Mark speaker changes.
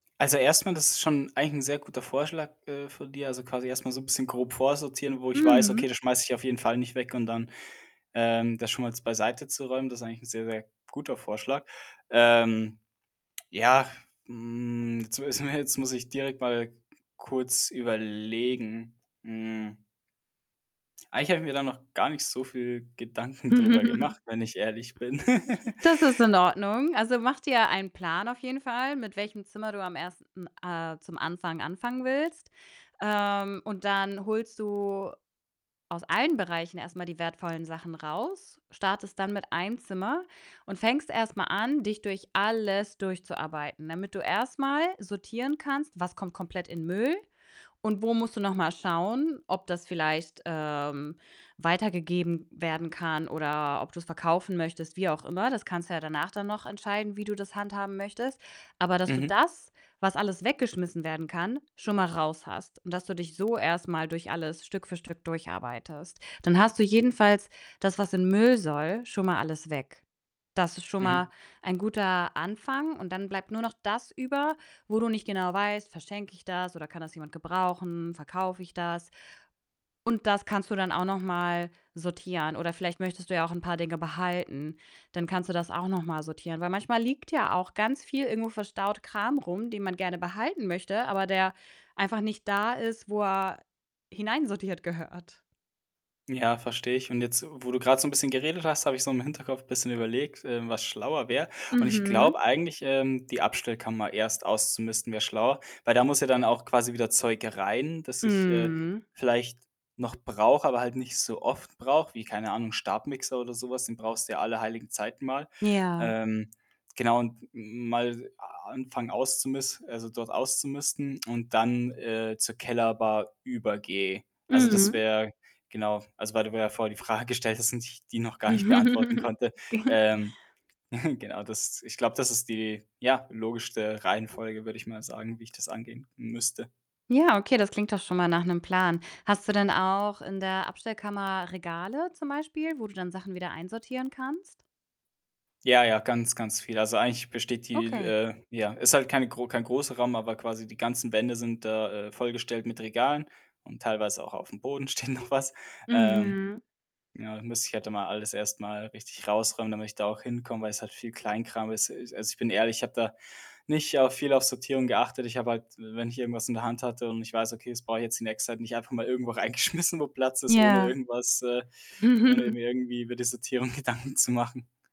Speaker 1: Also, erst mal, das ist schon eigentlich 'n sehr guter Vorschlag, äh, von dir. Also, quasi erst mal so 'n bisschen grob vorsortieren, wo ich weiß: „Okay,
Speaker 2: Mhm.
Speaker 1: das schmeiße ich auf jeden Fall nicht weg und dann, ähm, das schon mal jetzt beiseite zu räumen.“ Das ist eigentlich sehr sehr guter Vorschlag. Ähm, ja, hm, jetzt mu jetzt muss ich direkt mal k kurz überlegen, hm eigentlich habe ich mir da noch gar nicht so viel Gedanken drüber gemacht, wenn ich ehrlich bin.
Speaker 2: Das ist in Ordnung. Also, mach dir einen Plan auf jeden Fall, mit welchem Zimmer du am 1. äh, zum Anfang anfangen willst. Ähm, und dann holst du aus allen Bereichen erst mal die wertvollen Sachen raus, startest dann mit 1 Zimmer und fängst erst mal an, dich durch alles durchzuarbeiten, damit du erst mal sortieren kannst, was kommt komplett in Müll, und wo musst du noch mal schauen, ob das vielleicht, ähm, weitergegeben werden kann oder ob du's verkaufen möchtest, wie auch immer. Das kannst du ja danach dann noch entscheiden, wie du das handhaben möchtest. Aber dass du
Speaker 1: Mhm.
Speaker 2: das, was alles weggeschmissen werden kann, schon mal raus hast und dass du dich so erst mal durch alles Stück für Stück durcharbeitest. Dann hast du jedenfalls das, was in Müll soll, schon mal alles weg. Das ist schon mal
Speaker 1: Mhm.
Speaker 2: ein guter Anfang und dann bleibt nur noch das über, wo du nicht genau weißt: „Verschenke ich das oder kann das jemand gebrauchen, verkaufe ich das?“ Und das kannst du dann auch noch mal sortieren oder vielleicht möchtest du ja auch 'n paar Dinge behalten. Dann kannst du das auch noch mal sortieren, weil manchmal liegt ja auch ganz viel- irgendwo verstaut- Kram rum, den man gerne behalten möchte, aber der einfach nicht da ist, wo er hineinsortiert gehört.
Speaker 1: Ja, verstehe ich. Und jetzt, wo du grad so 'n bisschen geredet hast, habe ich so im Hinterkopf bisschen überlegt, ähm, was schlauer wäre. Und ich glaube
Speaker 2: Mhm.
Speaker 1: eigentlich, ähm, die Abstellkammer erst auszumisten wäre schlauer, weil da muss ja dann auch quasi wieder Zeug rein, das ich, äh,
Speaker 2: Mhm.
Speaker 1: vielleicht noch brauche, aber halt nicht so oft brauche, wie, keine Ahnung, 'n Stabmixer oder so was, den brauchst du ja alle heiligen Zeiten mal.
Speaker 2: Ja.
Speaker 1: Ähm, genau, und m mal a anfangen auszumis also, dort auszumisten und dann, äh, zur Kellerbar übergehe. Also, das
Speaker 2: Mhm.
Speaker 1: wäre genau, also, weil du mir ja vorher die Frage gestellt hast und ich die noch gar nicht beantworten konnte.
Speaker 2: [unintelligible]
Speaker 1: Ähm, genau, das ich glaube, das ist die, ja, logischste Reihenfolge, würde ich mal sagen, wie ich das angehen müsste.
Speaker 2: Ja, okay, das klingt doch schon mal nach 'nem Plan. Hast du denn auch in der Abstellkammer Regale zum Beispiel, wo du dann Sachen wieder einsortieren kannst?
Speaker 1: Ja, ja, ganz, ganz viel. Also, eigentlich besteht die,
Speaker 2: Okay.
Speaker 1: äh ja, ist halt keine gro kein großer Raum, aber quasi die ganzen Wände sind da, äh, vollgestellt mit Regalen und teilweise auch auf'm Boden steht noch was, ähm.
Speaker 2: Mhm.
Speaker 1: Ja, da müsste ich halt da mal alles erst mal richtig raus räumen, damit ich da auch hinkomme, weil es halt viel Kleinkram ist. Es also, ich bin ehrlich, ich habe da nicht auf viel auf Sortierung geachtet. Ich habe halt, w wenn ich irgendwas in der Hand hatte und ich weiß: „Okay, das brauche ich jetzt die nächste Zeit nicht“ einfach mal irgendwo reingeschmissen, wo Platz ist, ohne
Speaker 2: Ja.
Speaker 1: irgendwas, äh ohne mir irgendwie über die Sortierung Gedanken zu machen.